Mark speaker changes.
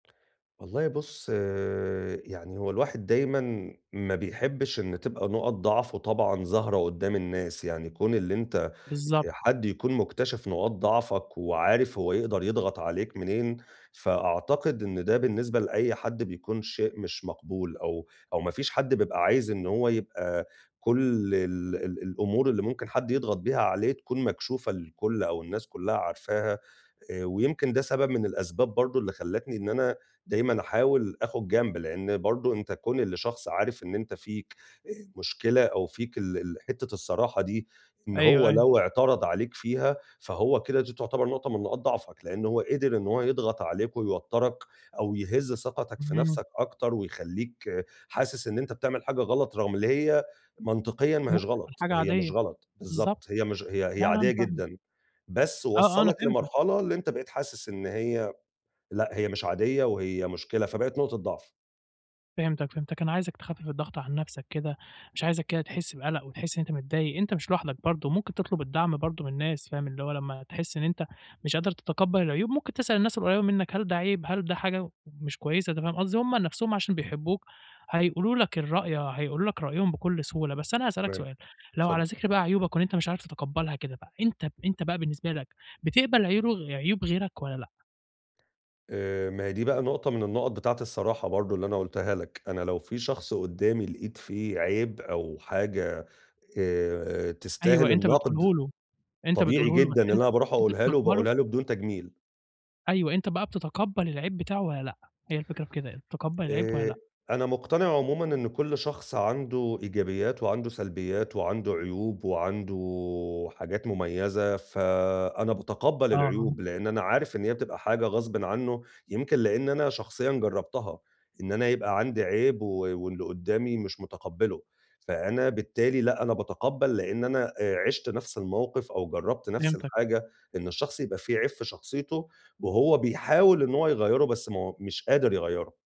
Speaker 1: والله بُص، يعني هو الواحد دايمًا ما بيحبّش إن تبقى نُقَط ضعفه طبعًا ظاهرة قُدّام الناس. يعني كون اللي أنت
Speaker 2: بالضبط.
Speaker 1: آآ حد يكون مُكتشِف نقاط ضعفك وعارف هو يقدر يضغط عليك منين، فأعتقد إن ده بالنسبة لأي حد بيكون شيء مش مقبول أو أو ما فيش حد بيبقى عايز إن هو يبقى كل ال ال الأمور اللي ممكن حد يضغط بيها عليك تكون مكشوفة للكل أو الناس كُلّها عارفاها، آآ ويمكن ده سبب من الأسباب برضه اللي خلّتني إن أنا دايمًا أحاول آخُد جنب، لإن برضه أنت كون اللي شخص عارف إن أنت فيك، آآ مشكلة أو فيك ال ال حتّة الصراحة دي إن
Speaker 2: أيوه،
Speaker 1: هو
Speaker 2: أيوه.
Speaker 1: لو اعترض عليك فيها، فهو كده دي تعتبر نقطة من نقاط ضعفك، لإن هو قِدِر إن هو يضغط عليك ويوتّرك أو يهِز ثقتك في
Speaker 2: إمم.
Speaker 1: نَفسك أكتر ويخلّيك حاسِس إن أنت بتعمل حاجة غلط رغم اللي هي منطقيًا ما هيش
Speaker 2: ممكن تكون
Speaker 1: غلط،
Speaker 2: حاجة
Speaker 1: هي مش
Speaker 2: عادية.
Speaker 1: غلط،
Speaker 2: بالضبط.
Speaker 1: بالضبط. هي مش هي هي
Speaker 2: لأ، لأ،
Speaker 1: عادية
Speaker 2: أنا فاهمك.
Speaker 1: جدًا، بس
Speaker 2: آه، آه، أنا
Speaker 1: وصّلك
Speaker 2: فهمتك.
Speaker 1: لمرحلة اللي أنت بقيت حاسِس إن هي لأ، هي مش عادية وهي مشكلة، فبقت نقطة ضعف.
Speaker 2: فهمتك، فهمتك. أنا عايزك تخفِّف الضغط عن نَفسك كده، مش عايزك كده تحِس بَقلَق وتحِس إن أنت متضايق، أنت مش لوحدك برضه، ممكن تطلُب الدعم برضه من الناس، فاهم؟ اللي هو لمّا تحِس إن أنت مش قادر تتقبَّل العيوب، ممكن تسأل الناس القريّبة منّك هل ده عيب؟ هل ده حاجة مش كويسة، أنت فاهم قصدي؟ هم نَفسهم عشان بيحبّوك، هيقولوا لك الرأي، هيقولو لك رأيهم بكل سهولة، بس أنا هاسألك
Speaker 1: تمام.
Speaker 2: سؤال، لو
Speaker 1: اتفضّل.
Speaker 2: على ذِكر بقى عيوبك وإن أنت مش عارف تتقبَّلها كده بقى، أنت أنت بقى بالنسبة لك بتقبل عيورغ عيوب غيرك والّا لأ؟
Speaker 1: آآ، ما هي دي بقى نقطة من النُقَط بتاعة الصراحة برضه اللي أنا قُلتها لك. أنا لو في شخص قُدّامي لقيت فيه عيب أو حاجة آآ
Speaker 2: أيوه.
Speaker 1: تستاهل
Speaker 2: أنت
Speaker 1: الَنقْد،
Speaker 2: بتقوله له أنت
Speaker 1: طبيعي
Speaker 2: بتقوله له، بس
Speaker 1: جدًا إن
Speaker 2: أنت
Speaker 1: أنا
Speaker 2: بت
Speaker 1: باروح
Speaker 2: أنت
Speaker 1: أقولها له
Speaker 2: بتقبله؟
Speaker 1: وباقولها له بدون تجميل.
Speaker 2: أيوه، أنت بقى بتتقبَّل العيب بتاعه والّا لأ؟ هي الفكرة في كده، بتتقبَّل العيب والّا
Speaker 1: آآ،
Speaker 2: لأ؟
Speaker 1: أنا مُقتنع عمومًا إن كل شخص عنده إيجابيّات وعنده سلبيّات وعنده عيوب وعنده حاجات مميزة، فأنا باتقبَّل
Speaker 2: آه، آه.
Speaker 1: العيوب، لإن أنا عارف إن هي بتبقى حاجة غصبٍ عنّه، يمكن لإن أنا شخصيًا جرّبتها، إن أنا يبقى عندي عيب و واللي قُدّامي مش مُتقبّله، فأنا بالتالي لأ أنا باتقبَّل لإن أنا، آآ عِشت نفس الموقف أو جرّبت نفس
Speaker 2: فهمتك.
Speaker 1: الحاجة إن الشخص يبقى في عيب في شخصيته وهو بيحاول إن هو يغيّره، بس ما هو مش قادر يغيّره.